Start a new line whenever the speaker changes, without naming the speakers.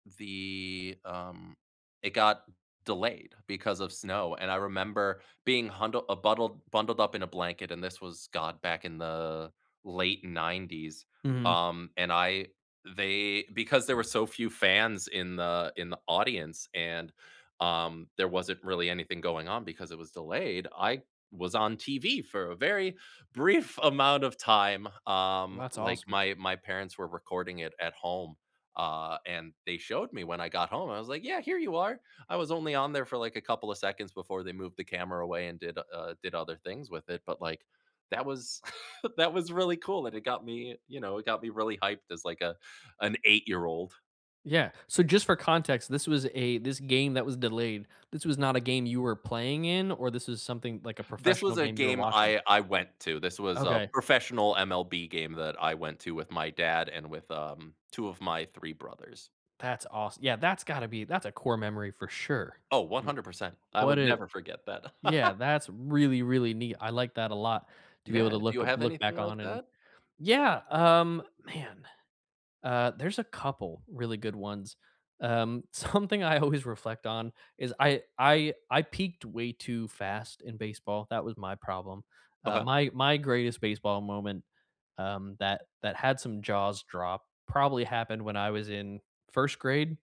The um it got delayed because of snow. And I remember being hundl a buttl bundled up in a blanket, and this was got back in the late '90s.
Mhm.
Um, and I they because there were so few fans in the in the audience and, um, there wasn't really anything going on because it was delayed, I was on TV for a very brief amount of time. Um,
That's
like,
awesome.
my my parents were recording it at home. Uh, and they showed me when I got home, I was like, "Yeah, here you are." I was only on there for, like, a couple of seconds before they moved the camera away and did, uh, did other things with it. But, like, that was that was really cool, and it got me, you know, it got me really hyped as, like, a an 8 year old.
Yeah. So, just for context, this was a this game that was delayed, this was not a game you were playing in? Or this is something like a
This was
professional
a
game you're
game
watching?
I I went to. This was a
Okay.
professional MLB game that I went to with my dad and with, um, 2 of my 3 brothers.
That's awes yeah, that's gotta be that's a core memory for sure.
Oh, one
W
hundred percent. I
What
would
did
never forget that.
Yeah. That's really, really neat, I like that a lot, to be able
Yeah.
to
Do
look
you
up
have
look
anything
back
like
on and
that?
Yeah. Um, man, uh, there's a couple really good ones. Um, something I always reflect on is I I I peaked way too fast in baseball, that was my problem. Uh,
Uh-huh.
my my greatest baseball moment, um, that that had some jaws drop probably happened when I was in 1st grade.